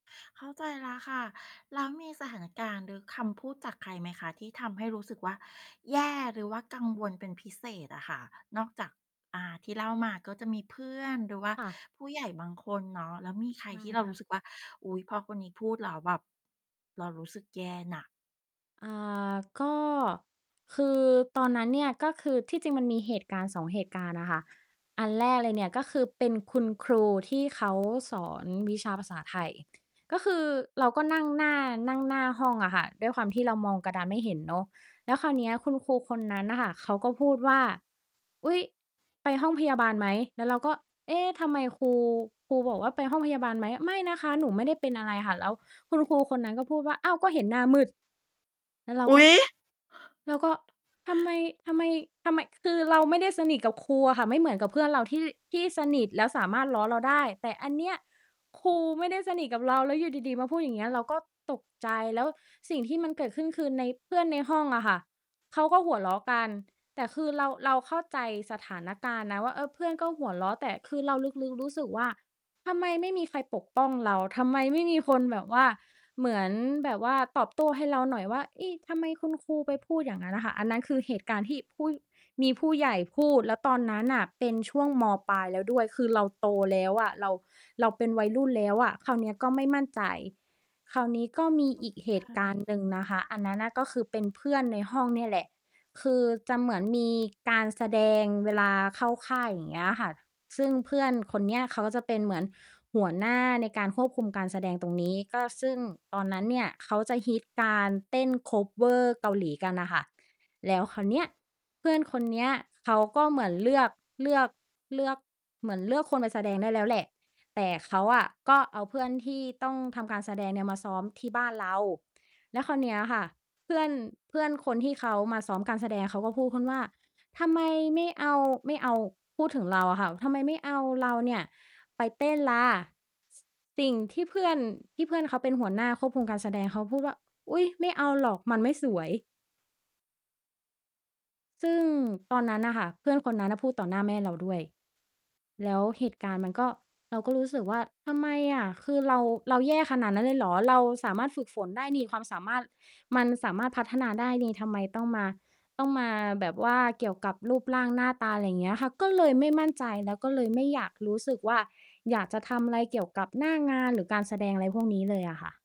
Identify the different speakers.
Speaker 1: เข้าใจแล้วค่ะ แล้วมีสถานการณ์ หรือคำพูดจากใครไหมคะ ที่ทำให้รู้สึกว่าแย่ หรือว่ากังวลเป็นพิเศษอะค่ะ? นอกจาก อ่า ที่เล่ามาก็จะมีเพื่อน หรือว่า
Speaker 2: ค่ะ
Speaker 1: ผู้ใหญ่บางคนเนาะ แล้วมีใค
Speaker 2: ใ
Speaker 1: ร
Speaker 2: ช่
Speaker 1: ที่เรา
Speaker 2: ค่
Speaker 1: รู้
Speaker 2: ะ
Speaker 1: สึกว่า อุ๊ย พอคนนี้พูดแล้วแบบ เรารู้สึกแย่น่ะ?
Speaker 2: อ่า ก็ คือตอนนั้นเนี่ย ก็คือที่จริงมันมีเหตุการณ์ 2 เหตุการณ์น่ะค่ะ อันแรกเลยเนี่ย ก็คือเป็นคุณครูที่เขาสอนวิชาภาษาไทย ก็คือเราก็นั่งหน้า นั่งหน้าห้องอะค่ะ ด้วยความที่เรามองกระดานไม่เห็นเนาะ แล้วคราวเนี้ยคุณครูคนนั้นน่ะค่ะเขาก็พูดว่า "อุ๊ย ไปห้องพยาบาลไหม" แล้วเราก็ เอ๊ ทำไมครู ครูบอกว่า "ไปห้องพยาบาลไหม" "ไม่นะคะ หนูไม่ได้เป็นอะไรค่ะ" แล้วคุณครูคนนั้นก็พูดว่า "อ้าว ก็เห็นหน้ามืด" แล้วเรา
Speaker 1: อ
Speaker 2: ก
Speaker 1: ุ๊
Speaker 2: ็
Speaker 1: ย!
Speaker 2: แล้วก็ทำไม ทำไม ทำไม คือเราไม่ได้สนิทกับครูอะค่ะ ไม่เหมือนกับเพื่อนเราที่ ที่สนิท แล้วสามารถล้อเราได้ แต่อันเนี้ย ครูไม่ได้สนิทกับเรา แล้วอยู่ดี ๆ มาพูดอย่างเงี้ย เราก็ตกใจ แล้วสิ่งที่มันเกิดขึ้นคือ ใน เพื่อนในห้องอะค่ะ เขาก็หัวเราะกัน แต่คือเรา เราเข้าใจสถานการณ์นะว่า เออ เพื่อนก็หัวเราะ แต่คือเราลึก ๆ รู้สึกว่า ทำไมไม่มีใครปกป้องเรา ทำไมไม่มีคนแบบว่า เหมือนแบบว่าตอบโต้ให้เราหน่อยว่า เอ๊ะ ทำไมคุณครูไปพูดอย่างงั้นน่ะค่ะ อันนั้นคือเหตุการณ์ที่ผู้ มีผู้ใหญ่พูด แล้วตอนนั้นน่ะเป็นช่วง ม.ปลายแล้วด้วย คือเราโตแล้วอะ เรา เราเป็นวัยรุ่นแล้วอะ คราวเนี้ยก็ไม่มั่นใจ คราวนี้ก็มีอีกเห
Speaker 1: ใช
Speaker 2: ตุการณ
Speaker 1: ่
Speaker 2: ์หนึ่งนะคะ อันนั้นน่ะ ก็คือเป็นเพื่อนในห้องเนี่ยแหละ คือจะเหมือนมีการแสดงเวลาเข้าค่าย อย่างเงี้ยอะค่ะ ซึ่งเพื่อนคนเนี้ย เขาก็จะเป็นเหมือนหัวหน้าในการควบคุมการแสดงตรงนี้ ก็ ซึ่งตอนนั้นเนี่ยเขาจะฮิตการเต้น คัฟเวอร์ เกาหลีกันน่ะค่ะ แล้วคราวเนี้ย เพื่อนคนเนี้ยเขาก็เหมือนเลือก เลือก เลือก เหมือนเลือกคนมาแสดงได้แล้วแหละ แต่เขาอะก็เอาเพื่อนที่ต้องทำการแสดงเนี่ย มาซ้อมที่บ้านเรา แล้วคราวเนี้ยค่ะ เพื่อน เพื่อนคนที่เขามาซ้อมการแสดงเขาก็พูดขึ้นว่า "ทำไมไม่เอา ไม่เอา" พูดถึงเราอะค่ะ ทำไมไม่เอาเราเนี่ยไปเต้นล่ะ ส สิ่งที่เพื่อน ที่เพื่อนเค้าเป็นหัวหน้าควบคุมการแสดง เค้าพูดว่า "อุ๊ย ไม่เอาหรอก มันไม่สวย" ซึ่งตอนนั้นน่ะค่ะ เพื่อนคนนั้นน่ะพูดต่อหน้าแม่เราด้วย แล้วเหตุการณ์มันก็ เราก็รู้สึกว่า ทำไมอะ คือเรา เราแย่ขนาดนั้นเลยเหรอ เราสามารถฝึกฝนได้นี่ ความสามารถมันสามารถพัฒนาได้หนิ ทำไมต้องมา ต้องมาแบบว่าเกี่ยวกับรูปร่างหน้าตา อะไรเงี้ยค่ะ ก็เลยไม่มั่นใจ แล้วก็เลยไม่อยากรู้สึกว่า อยากจะทำอะไรเกี่ยวกับหน้างาน หรือการแสดงอะไรพวกนี้เลยอะค่ะ